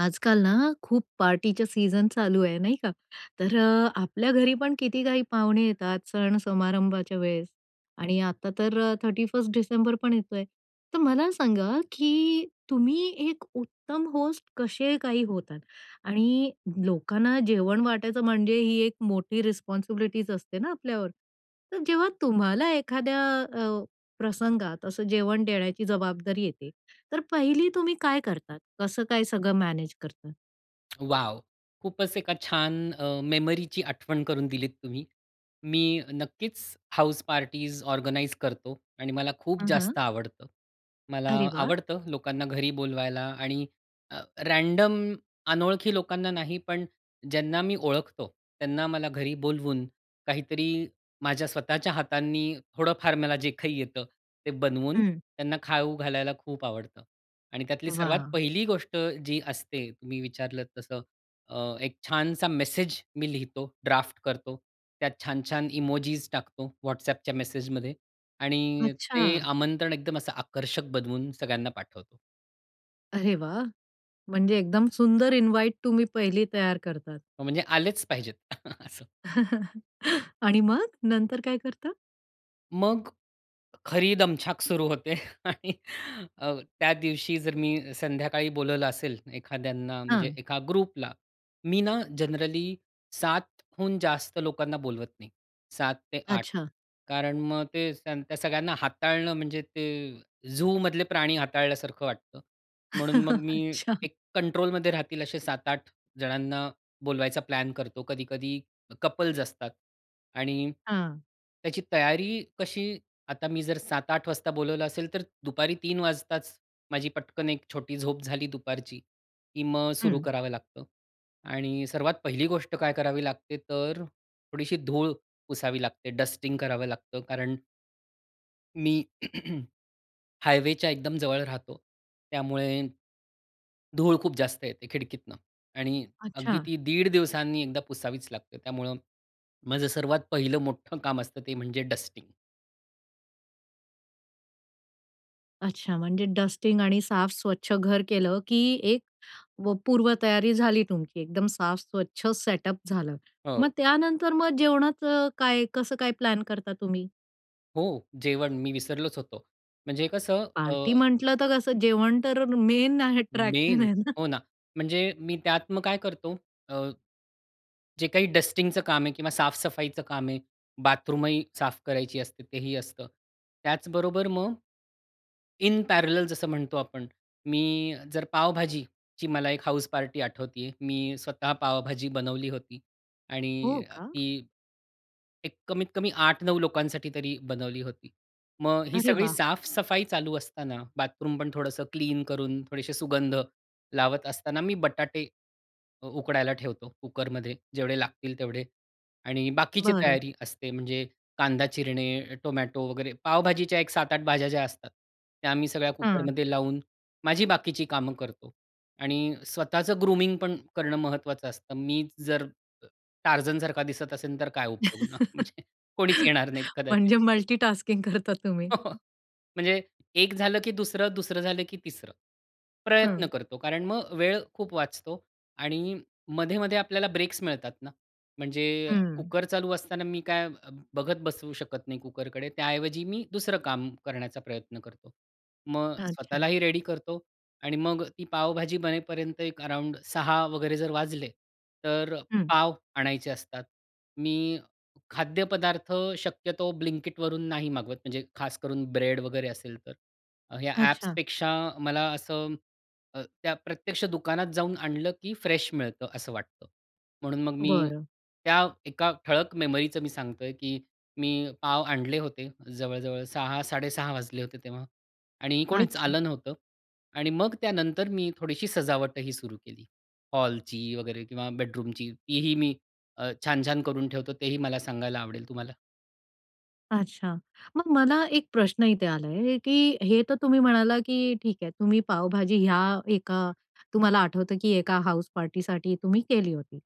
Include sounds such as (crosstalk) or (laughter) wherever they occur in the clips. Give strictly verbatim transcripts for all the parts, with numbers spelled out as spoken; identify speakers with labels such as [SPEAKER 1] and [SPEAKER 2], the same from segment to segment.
[SPEAKER 1] आजकाल ना, खूप पार्टीच्या सीझन चालू आहे, नाही का. तर अ, आपल्या घरीपण किती काही पाहुणे येतात, सण समारंभाच्या वेळेस आणि आता तर अ, थर्टी फर्स्ट डिसेंबर पण येतोय! तर मला सांगा, की तुम्ही एक उत्तम होस्ट कसे काही होतात? आणि लोकांना जेवण वाटायचं म्हणजे ही एक मोठी रिस्पॉन्सिबिलिटीज असते ना, आपल्यावर. तर जेव्हा तुम्हाला एखाद्या अ, प्रसंगात असं जेवण देण्याची जबाबदारी येते, तर पहिली तुम्ही काय करतात? कसं काय सगळं मॅनेज करतात?
[SPEAKER 2] (smacks lips) वॉव! खूपच एका छान, अ मेमरीची आठवण करून दिलीत तुम्ही. मी नक्कीच, हाऊस पार्टीज ऑर्गनाइज करतो. आणि मला खूप
[SPEAKER 1] हं,
[SPEAKER 2] जास्त
[SPEAKER 1] हं.
[SPEAKER 2] आवडतं. मला
[SPEAKER 1] अरे वा!
[SPEAKER 2] आवडतं लोकांना घरी बोलवायला आणि अ रॅन्डम अनोळखी लोकांना नाही, पण ज्यांना मी ओळखतो त्यांना मला घरी बोलवून; काहीतरी माझ्या स्वतःच्या हातांनी थोडंफार मला जे काही येतं, ते बनवून
[SPEAKER 1] हं.
[SPEAKER 2] त्यांना खाऊ घालायला खूप आवडतं. आणि त्यातली सर्वात
[SPEAKER 1] वाह!
[SPEAKER 2] पहिली गोष्ट जी असते तुम्ही विचारलत तसं, अ एक छानसा मेसेज मी लिहितो, ड्राफ्ट करतो. त्यात छान-छान इमोजीज टाकतो, WhatsAppच्या मेसेजमध्ये आणि ते
[SPEAKER 1] अच्छा!
[SPEAKER 2] आमंत्रण एकदम असं आकर्षक बनवून सगळ्यांना पाठवतो.
[SPEAKER 1] अरे वाह! म्हणजे एकदम सुंदर इन्वाईट तुम्ही पहिली तयार करतात?
[SPEAKER 2] हो, म्हणजे आलेच पाहिजेत असं
[SPEAKER 1] (chuckles) आणि मग, नंतर काय करता?
[SPEAKER 2] मग, खरी दमछाक सुरू होते. आणि अ, त्या दिवशी जर मी संध्याकाळी बोलवलं असेल, एखाद्यांना म्हणजे
[SPEAKER 1] हं.
[SPEAKER 2] एका ग्रुपला. मी ना जनरली सात हून जास्त लोकांना बोलवत नाही. सात ते आठ
[SPEAKER 1] अच्छा.
[SPEAKER 2] कारण मग ते त्यान त्या सगळ्यांना हाताळणं, म्हणजे ते झूमधले प्राणी हाताळल्यासारखं वाटतं. म्हणून मग मी
[SPEAKER 1] अच्छा.
[SPEAKER 2] एक कंट्रोलमध्ये राहतील, असे सात आठ जणांना बोलवायचा प्लॅन करतो. कधी-कधी कपल्स असतात आणि
[SPEAKER 1] हां.
[SPEAKER 2] त्याची तयारी कशी आता मी जर सात आठ वाजता बोलावलं असेल, तर दुपारी तीन वाजताच माझी पटकन एक छोटी झोप झाली दुपारची की मग सुरु
[SPEAKER 1] हं.
[SPEAKER 2] करावं लागतं. आणि सर्वात पहिली गोष्ट काय करावी लागते, तर थोडीशी धूळ पुसावी लागते, डस्टिंग करावं लागतं. कारण मी (clears throat) हायवेच्या एकदम जवळ राहतो. त्यामुळे, धूळ खूप जास्त येते खिडकीतनं आणि अगदी
[SPEAKER 1] अच्छा.
[SPEAKER 2] ती दीड दिवसांनी एकदा पुसावीच लागते. त्यामुळं माझं सर्वात पहिलं मोठं काम असतं ते म्हणजे डस्टिंग.
[SPEAKER 1] अच्छा, म्हणजे डस्टिंग आणि साफ-स्वच्छ घर केलं, की एक पूर्वतयारी झाली तुमची. एकदम साफ, स्वच्छ सेटअप झालं.
[SPEAKER 2] हो.
[SPEAKER 1] मग त्यानंतर मग जेवणाचं काय, कसं काय प्लॅन करता तुम्ही?
[SPEAKER 2] हो, जेवण मी विसरलोच होतो. म्हणजे कसं अ
[SPEAKER 1] पार्टी म्हटलं तर कसं, जेवण तर मेन अट्रॅक्शन
[SPEAKER 2] मेन
[SPEAKER 1] आहे ना.
[SPEAKER 2] हो ना, म्हणजे मी त्यात मग काय करतो? अ, जे काही डस्टिंगचं काम आहे किंवा साफ-सफाईचं काम आहे, बाथरूम ही साफ करायची असते, तेही असतं. त्याचबरोबर मग, इन पॅरलल जसं म्हणतो आपण, मी जर पाव-भाजीची मला एक हाउस पार्टी आठवतेय, मी स्वतः पावभाजी बनवली होती
[SPEAKER 1] हो
[SPEAKER 2] आणि
[SPEAKER 1] का?
[SPEAKER 2] ती एक कमीत कमी आठ नऊ लोकांसाठी तरी बनवली होती. मग ही
[SPEAKER 1] अरे
[SPEAKER 2] सगळी
[SPEAKER 1] वाह!
[SPEAKER 2] साफ-सफाई चालू असताना, बाथरूम पण थोडंसं क्लीन करून, थोडेसे सुगंध लावत असताना, मी बटाटे अ, उकडायला ठेवतो कुकरमध्ये, जेवढे लागतील तेवढे. आणि बाकीची
[SPEAKER 1] बरं.
[SPEAKER 2] तयारी असते, म्हणजे कांदा चिरणे, टोमॅटो वगैरे पावभाजीच्या एक सात आठ भाज्या ज्या असतात, त्या आम्ही सगळ्या
[SPEAKER 1] हं.
[SPEAKER 2] कुकरमध्ये लावून माझी बाकीची कामं करतो. आणि स्वतःचं ग्रूमिंग पण करणं महत्त्वाचं असतं. मी जर टार्झन सारखा दिसत असेल, तर काय उपयोग ना,
[SPEAKER 1] (laughs)
[SPEAKER 2] म्हणजे कोणीच येणार नाही कदाचित.
[SPEAKER 1] म्हणजे मल्टिटास्किंग करता तुम्ही.
[SPEAKER 2] (chuckles) म्हणजे एक झालं, की दुसरं. दुसरं झालं, की तिसरं प्रयत्न
[SPEAKER 1] हं.
[SPEAKER 2] करतो. कारण मग वेळ खूप वाचतो आणि मधे-मधे आपल्याला ब्रेक्स मिळतात ना. म्हणजे
[SPEAKER 1] हम्म.
[SPEAKER 2] कुकर चालू असताना मी काय बघत बसू शकत नाही कुकरकडे. त्याऐवजी मी दुसरं काम करण्याचा प्रयत्न करतो. मग
[SPEAKER 1] अच्छा.
[SPEAKER 2] स्वतःलाही रेडी करतो. आणि मग ती पावभाजी बनेपर्यंत एक अराउंड सहा वगैरे जर वाजले, तर अ,
[SPEAKER 1] हं.
[SPEAKER 2] पाव आणायचे असतात. मी खाद्यपदार्थ शक्यतो ब्लिंकिटवरून नाही मागवत. म्हणजे खास करून ब्रेड वगैरे असेल तर, या
[SPEAKER 1] अच्छा.
[SPEAKER 2] ॲप्सपेक्षा मला असं अ, त्या प्रत्यक्ष दुकानात जाऊन आणलं, की फ्रेश मिळतं असं वाटतं. म्हणून मग मी
[SPEAKER 1] बरं.
[SPEAKER 2] त्या एका ठळक मेमरीचं मी सांगतोय, की मी पाव आणले होते. जवळ-जवळ सहा साडेसहा वाजले होते तेव्हा आणि कोणीच
[SPEAKER 1] अच्छा.
[SPEAKER 2] आलं नव्हतं. आणि मग त्यानंतर मी थोडीशी सजावटही सुरू केली हॉलची वगैरे किंवा बेडरूमची. तीही मी अ, छान-छान करून ठेवतो. तेही मला सांगायला आवडेल तुम्हाला.
[SPEAKER 1] अच्छा. मग मला एक प्रश्न इथे आला आहे की हे तर तुम्ही म्हणाला की ठीक आहे, तुम्ही पावभाजी ह्या एका तुम्हाला आठवतं की एका हाउसपार्टीसाठी तुम्ही केली होती.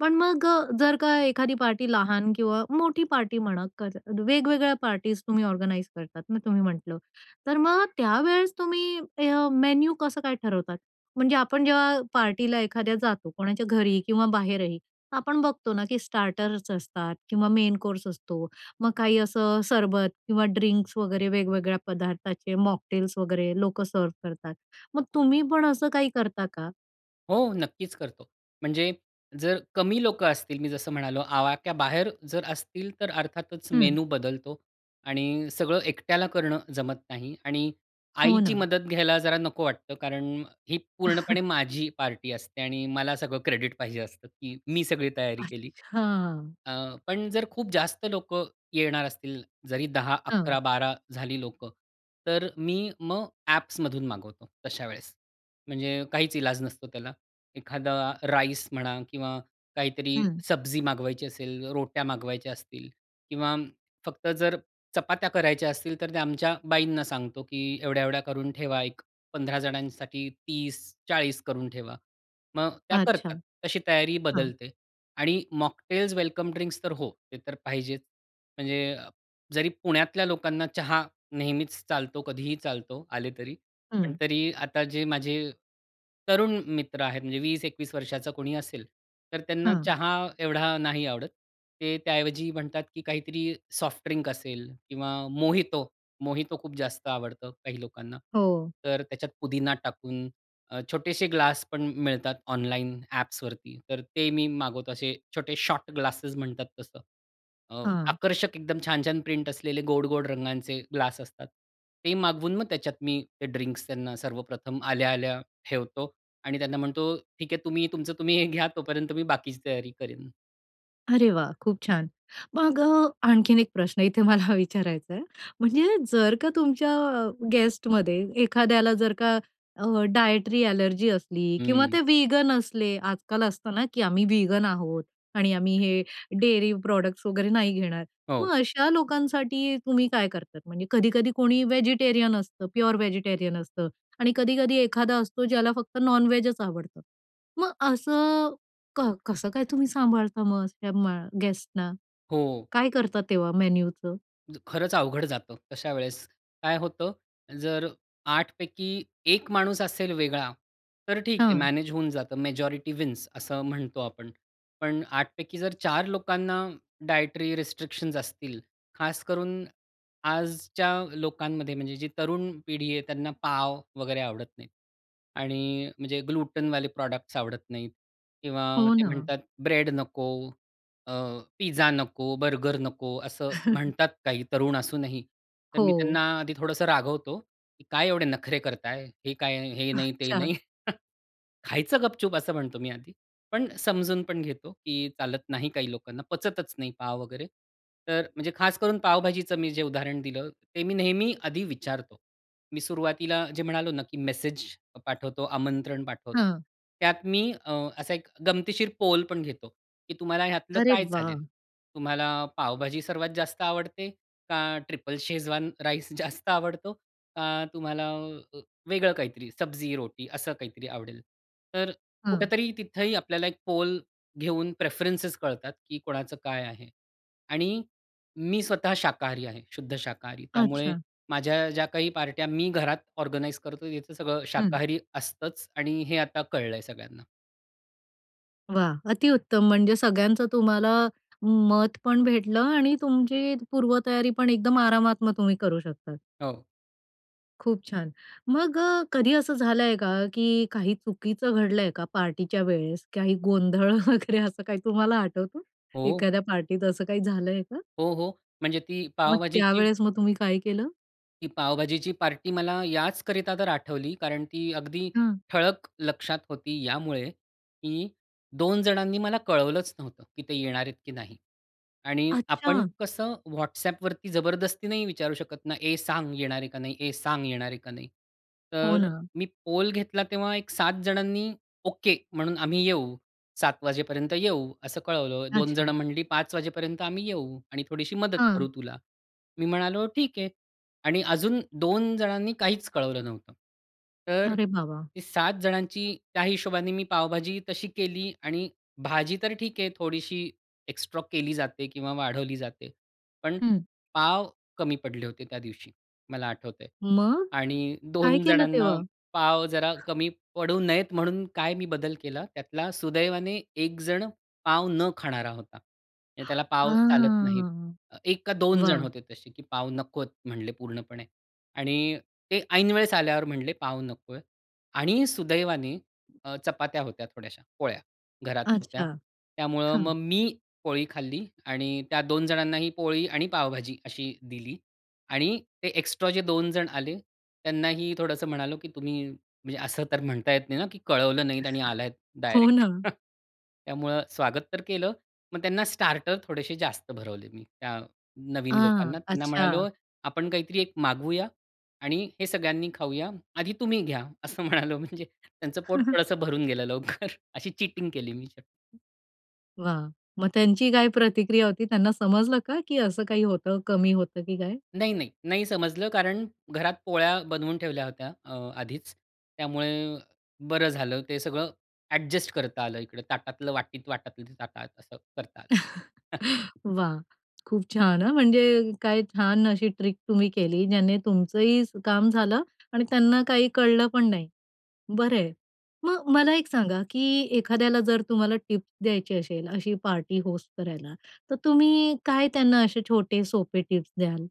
[SPEAKER 1] पण मग अ, जर का एखादी पार्टी लहान किंवा मोठी पार्टी म्हणा कर वेगवेगळ्या पार्टीज तुम्ही ऑर्गनाइज करतात, मग तुम्ही म्हटलं. तर मग त्या वेळेस तुम्ही ह्य मेन्यू कसं काय ठरवतात? म्हणजे आपण जेव्हा अ, पार्टीला एखाद्या जातो, कोणाच्या घरी किंवा बाहेरही, आपण बघतो ना की स्टार्टर्स असतात किंवा मेन कोर्स असतो मग काही असं सरबत किंवा ड्रिंक्स वगैरे वेगवेगळ्या पदार्थाचे मॉकटेल्स वगैरे, लोक सर्व्ह करतात. मग तुम्ही पण असं काही करता का?
[SPEAKER 2] हो, नक्कीच करतो. म्हणजे जर कमी लोकं असतील, मी जसं म्हणालो आवाक्याबाहेर जर असतील तर अर्थातच
[SPEAKER 1] हम्म.
[SPEAKER 2] मेनू बदलतो. आणि सगळं एकट्याला करणं जमत नाही. आणि
[SPEAKER 1] हो
[SPEAKER 2] आईची
[SPEAKER 1] ना.
[SPEAKER 2] मदत घ्यायला जरा नको वाटतं कारण अ, ही पूर्णपणे
[SPEAKER 1] (chuckles)
[SPEAKER 2] माझी पार्टी असते आणि मला सगळं क्रेडिट पाहिजे असतं की मी सगळी तयारी केली.
[SPEAKER 1] अच्छा.
[SPEAKER 2] अ, पण जर खूप जास्त लोकं येणार असतील, जरी दहा
[SPEAKER 1] हो.
[SPEAKER 2] अकरा बारा झाली लोकं तर मी मग ऍप्समधून मागवतो, तशा वेळेस. म्हणजे काहीच ईलाज नसतो त्याला. एखादा राईस म्हणा किंवा काहीतरी
[SPEAKER 1] हम्म.
[SPEAKER 2] सब्जी मागवायची असेल, रोट्या मागवायच्या असतील किंवा फक्त जर चपात्या करायच्या असतील तर ते आमच्या बाईंना सांगतो की एवढ्या-एवढ्या करून ठेवा एक पंधरा जणांसाठी तीस चाळीस करून ठेवा मग त्या
[SPEAKER 1] अच्छा.
[SPEAKER 2] करतात, तशी तयारी
[SPEAKER 1] हा.
[SPEAKER 2] बदलते. आणि मॉकटेल्स, वेलकम ड्रिंक्स तर हो, ते तर पाहिजेच. म्हणजे, जरी पुण्यातल्या लोकांना चहा नेहमीच चालतो, कधीही चालतो, आले तरी; पण
[SPEAKER 1] हं.
[SPEAKER 2] तरी आता जे माझे तरुण मित्र आहेत म्हणजे वीस एकवीस वर्षाचा कोणी असेल तर त्यांना
[SPEAKER 1] हा.
[SPEAKER 2] चहा एवढा नाही आवडत. ते त्याऐवजी म्हणतात की काहीतरी सॉफ्ट ड्रिंक असेल किंवा मोहितो मोहितो खूप जास्त आवडतं काही लोकांना.
[SPEAKER 1] हो.
[SPEAKER 2] तर त्याच्यात पुदिना टाकून छोटेसे ग्लास पण मिळतात ऑनलाईन ॲप्सवरती, तर ते मी मागवतो असे छोटे शॉर्ट ग्लासेस म्हणतात तसं.
[SPEAKER 1] हां.
[SPEAKER 2] आकर्षक, एकदम छान-छान प्रिंट असलेले, गोड-गोड रंगांचे ग्लास असतात. ते मागवून मग त्याच्यात मी ते ड्रिंक्स त्यांना सर्वप्रथम आल्या-आल्या ठेवतो आणि त्यांना म्हणतो ठीक आहे तुम्ही, तुमचं तुम्ही हे घ्या तोपर्यंत मी बाकीची तयारी करेन.
[SPEAKER 1] अरे वाह, खूप छान! मग अ, आणखीन एक प्रश्न इथे मला विचारायचा आहे. म्हणजे जर का तुमच्या गेस्टमध्ये एखाद्याला जर का अ, डायटरी ॲलर्जी असली किंवा
[SPEAKER 2] हम्म.
[SPEAKER 1] ते वीगन असले, आजकाल असतं ना की "आम्ही वीगन आहोत" आणि "आम्ही हे डेअरी प्रॉडक्ट्स वगैरे नाही घेणार." मग
[SPEAKER 2] हो.
[SPEAKER 1] अशा लोकांसाठी तुम्ही काय करता? म्हणजे कधी-कधी कोणी व्हेजिटेरियन असतं, प्युअर व्हेजिटेरियन असतं आणि कधी-कधी एखादा असतो ज्याला फक्त नॉनव्हेजच आवडतं. मग असं कर कसं काय तुम्ही सांभाळता मस या मग गेस्टना?
[SPEAKER 2] हो.
[SPEAKER 1] काय करता तेव्हा मेनूचं?
[SPEAKER 2] ज खरंच अवघड जातं तशा वेळेस. काय होतं, जर आठ पैकी एक माणूस असेल वेगळा तर ठीक आहे,
[SPEAKER 1] हं.
[SPEAKER 2] मॅनेज होऊन जातं. मॅजॉरिटी विन्स असं म्हणतो आपण, पण आठ पैकी जर चार लोकांना डायटरी रिस्ट्रिक्शन्स असतील, खास करून आजच्या लोकांमध्ये म्हणजे जी तरुण पिढी आहे, त्यांना पाव वगैरे आवडत नाही. आणि म्हणजे ग्लुटेनवाले प्रॉडक्ट्स आवडत नाहीत किंवा
[SPEAKER 1] हो
[SPEAKER 2] ते
[SPEAKER 1] ना.
[SPEAKER 2] म्हणतात, "ब्रेड नको अ, पिझ्झा नको, बर्गर नको." असं
[SPEAKER 1] (chuckles)
[SPEAKER 2] म्हणतात काही तरुण असूनही. तर मी त्यांना
[SPEAKER 1] हो.
[SPEAKER 2] आधी थोडंसं रागवतो की "काय एवढे नखरे करताय? हे काय, हे नाही ते
[SPEAKER 1] अच्छा.
[SPEAKER 2] नाही?" (chuckles)
[SPEAKER 1] (chuckles)
[SPEAKER 2] "खायचं गपचूप!" असं म्हणतो मी आधी, पण समजून पण घेतो की चालत नाही काही लोकांना, पचतच नाही पाव वगैरे. तर म्हणजे खास करून पावभाजीचं मी जे उदाहरण दिलं, ते मी नेहमी आधी विचारतो. मी सुरुवातीला जे म्हणालो ना की मेसेज अ पाठवतो, आमंत्रण पाठवतो,
[SPEAKER 1] हं.
[SPEAKER 2] त्यात मी अ, असा एक गमतीशीर पोल पण घेतो की "तुम्हाला ह्यातलं
[SPEAKER 1] अरे
[SPEAKER 2] काय चालेल?
[SPEAKER 1] वाह!
[SPEAKER 2] तुम्हाला पावभाजी सर्वात जास्त आवडते? का ट्रिपल शेजवान राईस जास्त आवडतो? का तुम्हाला अ वेगळं काहीतरी, सब्जी-रोटी असं काहीतरी आवडेल?" तर
[SPEAKER 1] हं.
[SPEAKER 2] कुठेतरी तिथेही आपल्याला एक पोल घेऊन प्रेफरन्सेस कळतात की कोणाचं काय आहे. आणि मी स्वतः शाकाहारी आहे, शुद्ध शाकाहारी, त्यामुळे
[SPEAKER 1] अच्छा.
[SPEAKER 2] माझ्या ज्या काही पार्ट्या मी घरात ऑर्गनाइझ करतो, तिथं सगळं
[SPEAKER 1] हं.
[SPEAKER 2] शाकाहारी असतंच आणि हे आता कळलंय सगळ्यांना.
[SPEAKER 1] वाह! अतिउत्तम, म्हणजे सगळ्यांचं तुम्हाला मत पण भेटलं आणि तुमची पूर्वतयारी पण एकदम आरामात मग तुम्ही करू शकतात.
[SPEAKER 2] हो.
[SPEAKER 1] खूप छान. मग अ, कधी असं झालंय का? की काही चुकीचं घडलंय का पार्टीच्या वेळेस? काही गोंधळ वगैरे, असं काही तुम्हाला आठवतो?
[SPEAKER 2] हो.
[SPEAKER 1] एखाद्या पार्टीत असं काही झालंय का?
[SPEAKER 2] हो, हो. म्हणजे ती
[SPEAKER 1] मग
[SPEAKER 2] पाव-भाजीची
[SPEAKER 1] त्यावेळेस मग तुम्ही काय केलं?
[SPEAKER 2] ती पाव-भाजीची पार्टी मला याचकरिता तर आठवली, कारण ती अगदी
[SPEAKER 1] हं.
[SPEAKER 2] ठळक लक्षात होती यामुळे, की दोन जणांनी मला कळवलंच नव्हतं, की ते येणार आहेत की नाही. आणि आपण
[SPEAKER 1] अच्छा.
[SPEAKER 2] कसं WhatsAppवरती जबरदस्ती नाही विचारू शकत ना? "ए, सांग येणार आहे का नाही? ए सांग येणार आहे का नाही"?
[SPEAKER 1] हो
[SPEAKER 2] तर
[SPEAKER 1] ना.
[SPEAKER 2] मी पोल घेतला तेव्हा एक सात जणांनी "ओके म्हणून आम्ही येऊ, सात वाजेपर्यंत येऊ", असं कळवलं. दोन
[SPEAKER 1] अच्छा.
[SPEAKER 2] जणं म्हणाली, "पाच वाजेपर्यंत आम्ही येऊ आणि थोडीशी मदत
[SPEAKER 1] हं.
[SPEAKER 2] करू तुला". मी म्हणालो, "ठीक आहे". आणि अजून दोन जणांनी काहीच कळवलं नव्हतं. तर
[SPEAKER 1] अरे बाबा!
[SPEAKER 2] सात जणांची त्या हिशोबाने मी पावभाजी तशी केली आणि भाजी तर ठीक आहे, थोडीशी एक्स्ट्रॉ केली जाते किंवा वाढवली जाते, पण
[SPEAKER 1] हम्म.
[SPEAKER 2] पाव कमी पडले होते त्या दिवशी, मला आठवतंय.
[SPEAKER 1] मग?
[SPEAKER 2] आणि
[SPEAKER 1] काय
[SPEAKER 2] दोन
[SPEAKER 1] केलं
[SPEAKER 2] जणांना
[SPEAKER 1] तेव्हा?
[SPEAKER 2] पाव जरा कमी पडू नयेत, म्हणून काय मी बदल केला त्यातला, सुदैवाने एकजण पाव न खाणारा होता. आणि त्याला
[SPEAKER 1] (exhales) अ,
[SPEAKER 2] पाव चालत नाहीत. एक का दोन जण
[SPEAKER 1] वाह.
[SPEAKER 2] होते तसे, की पाव नकोत म्हटले पूर्णपणे आणि ते ऐनवेळेस आल्यावर म्हटले "पाव नकोय" आणि सुदैवाने अ, चपात्या होत्या थोड्याशा, पोळ्या घरात होत्या.
[SPEAKER 1] अच्छा,
[SPEAKER 2] त्यामुळं मग
[SPEAKER 1] हं.
[SPEAKER 2] मी पोळी खाल्ली आणि त्या दोन जणांनाही पोळी आणि पावभाजी अशी दिली आणि ते एक्स्ट्रा जे दोन जण आले त्यांनाही थोडंसं म्हणालो की "तुम्ही, म्हणजे असं तर म्हणता येत नाही ना, की कळवलं नाहीत आणि आलाय
[SPEAKER 1] (chuckles) हो
[SPEAKER 2] डायरेक्ट".
[SPEAKER 1] ना.
[SPEAKER 2] (chuckles) त्यामुळं स्वागत तर केलं, मग त्यांना स्टार्टर थोडेसे जास्त भरवले मी त्या नवीन
[SPEAKER 1] अ,
[SPEAKER 2] लोकांना. त्यांना म्हणालो,
[SPEAKER 1] अच्छा.
[SPEAKER 2] "आपण काहीतरी एक मागवूया आणि हे सगळ्यांनी खाऊया. आधी तुम्ही घ्या". असं म्हणालो. म्हणजे त्यांचं पोट
[SPEAKER 1] (chuckles)
[SPEAKER 2] थोडंसं भरून गेलं लवकर, अशी चीटिंग केली मी.
[SPEAKER 1] वाह! मग त्यांची काय प्रतिक्रिया होती? त्यांना समजलं का की असं काही होतं? कमी होतं की काय?
[SPEAKER 2] नाही, नाही. नाही, समजलं कारण घरात पोळ्या बनवून ठेवल्या होत्या अ, आधीच. त्यामुळे बरं झालं, ते सगळं ॲडजस्ट करता आलं. इकडे ताटातलं वाटीत, वाटातलं ते ताटात, असं करता आलं.
[SPEAKER 1] (chuckles)
[SPEAKER 2] (chuckles)
[SPEAKER 1] वाह! खूप छान हां, म्हणजे काय छान अशी ट्रिक तुम्ही केली, ज्याने तुमचं ही काम झालं आणि त्यांना काही कळलं पण नाही. बरं आहे. मग मला एक सांगा की एखाद्याला जर तुम्हाला टिप द्यायची असेल, अशी पार्टी होस्ट करायला, तर तुम्ही काय त्यांना असे छोटे सोपे टिप्स द्याल?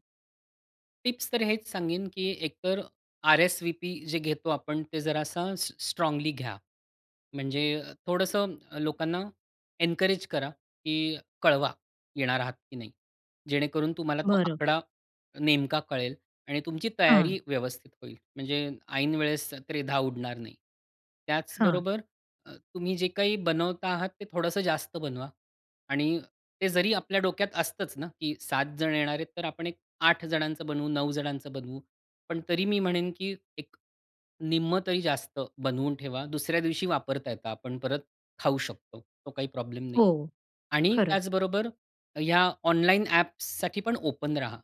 [SPEAKER 2] टिप्स तर हेच सांगेन, की एकतर आर-एस-वी-पी जे घेतो आपण ते जरासा स स्ट्राँगली घ्या, म्हणजे थोडंसं लोकांना एन्करेज करा की कळवा, येणार आहात की नाही? जेणेकरून तुम्हाला तो
[SPEAKER 1] बरं.
[SPEAKER 2] आकडा नेमका कळेल आणि तुमची
[SPEAKER 1] हं.
[SPEAKER 2] तयारी व्यवस्थित होईल, म्हणजे ऐन वेळेस त्रेधा उडणार नाही.
[SPEAKER 1] हां.
[SPEAKER 2] त्याचबरोबर अ, तुम्ही जे काही बनवता आहात ते थोडंसं जास्त बनवा आणि ते जरी आपल्या डोक्यात असतंच ना, की सात जण येणार आहेत, तर आपण एक आठ जणांचं बनवू, नऊ जणांचं बनवू, पण तरी मी म्हणेन की एक निम्मं तरी जास्त बनवून ठेवा. दुसऱ्या दिवशी वापरता येत, आपण परत खाऊ शकतो, तो काही प्रॉब्लेम नाही.
[SPEAKER 1] हो,
[SPEAKER 2] आणि,
[SPEAKER 1] खरंच.
[SPEAKER 2] त्याचबरोबर या ऑनलाइन ॲप्ससाठी पण ओपन रहा,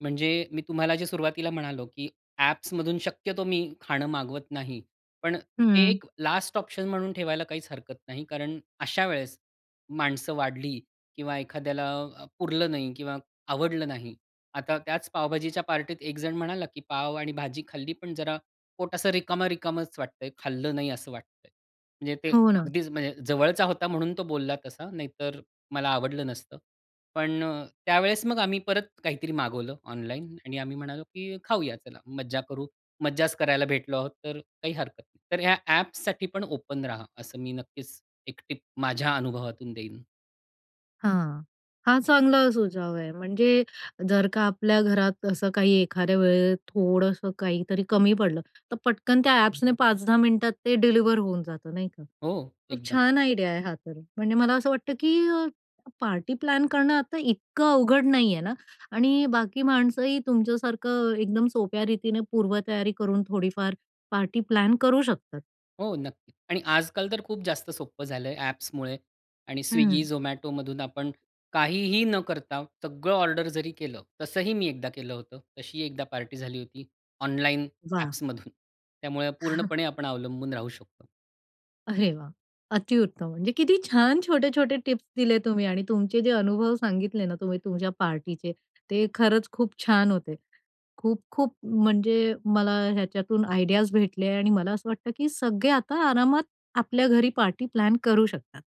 [SPEAKER 2] म्हणजे मी तुम्हाला जे सुरुवातीला म्हणालो की ॲप्समधून शक्यतो मी खाणं मागवत नाही, पण
[SPEAKER 1] हं.
[SPEAKER 2] एक लास्ट ऑप्शन म्हणून ठेवायला काहीच हरकत नाही, कारण अशा वेळेस माणसं वाढली किंवा एखाद्याला अ, पुरलं नाही किंवा आवडलं नाही. आता त्याच पावभाजीच्या पार्टीत एक जण म्हणाला, "की पाव आणि भाजी खाल्ली, पण जरा पोट असं रिकामा-रिकामाच वाटतं आहे, खाल्लं नाही असं वाटतं आहे". म्हणजे ते
[SPEAKER 1] हो ना.
[SPEAKER 2] अगदीच म्हणजे जवळचा होता म्हणून तो बोलला तसा, नाहीतर मला आवडलं नसतं. पण अ, त्यावेळेस मग आम्ही परत काहीतरी मागवलं ऑनलाईन आणि आम्ही म्हणालो, की "खाऊया चला, मज्जा करू." मज्जाच करायला भेटलो आहोत, तर काही हरकत नाही. तर या ॲप्ससाठी पण ओपन राहा, असं मी नक्कीच एक टिप माझ्या अनुभवातून देईन.
[SPEAKER 1] हां, हां. चांगला सुझाव आहे म्हणजे, जर का आपल्या घरात असं काही एखाद्या वेळेस थोडंसं काहीतरी कमी पडलं, तर पटकन त्या ॲप्सने पाच-दहा मिनिटात ते डिलिव्हर होऊन जातं नाही का?
[SPEAKER 2] हो
[SPEAKER 1] खूप
[SPEAKER 2] एकदम.
[SPEAKER 1] छान आयडिया आहे हा तर. म्हणजे मला असं वाटतं, की पार्टी प्लॅन करणं आता इतकं अवघड नाही आहे ना आणि बाकी माणसंही तुमच्यासारखं एकदम सोप्या रीतीने पूर्वतयारी करून थोडीफार पार्टी प्लॅन करू शकतात.
[SPEAKER 2] हो, नक्कीच. आणि आज-काल तर खूप जास्त सोप्पं झालंय ॲप्समुळे आणि
[SPEAKER 1] हं.
[SPEAKER 2] स्विग्गी, झोमॅटोमधून आपण काहीही न करता, सगळं ऑर्डर जरी केलं, तसंही मी एकदा केलं होतं. तशीही एकदा पार्टी झाली होती ऑनलाइन
[SPEAKER 1] वाह!
[SPEAKER 2] ॲप्समधून. त्यामुळे
[SPEAKER 1] (chuckles)
[SPEAKER 2] पूर्णपणे आपण अवलंबून राहू शकतो.
[SPEAKER 1] अरे वाह! अतिउत्तम. म्हणजे किती छान छोटे-छोटे टिप्स दिले तुम्ही आणि तुमचे जे अनुभव सांगितले ना तुम्ही तुमच्या पार्टीचे, ते खरंच खूप छान होते. खूप-खूप म्हणजे मला ह्याच्यातून आयडियाज भेटले आणि मला असं वाटतं, की सगळे आता आरामात आपल्या घरी पार्टी प्लॅन करू शकतात.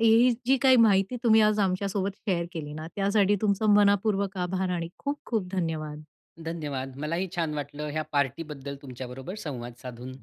[SPEAKER 1] ही जी काही माहिती तुम्ही आज आमच्यासोबत शेअर केली ना, त्यासाठी तुमचं मनःपूर्वक आभार आणि खूप-खूप धन्यवाद.
[SPEAKER 2] धन्यवाद. मलाही छान वाटलं, ह्या पार्टीबद्दल तुमच्याबरोबर संवाद साधून.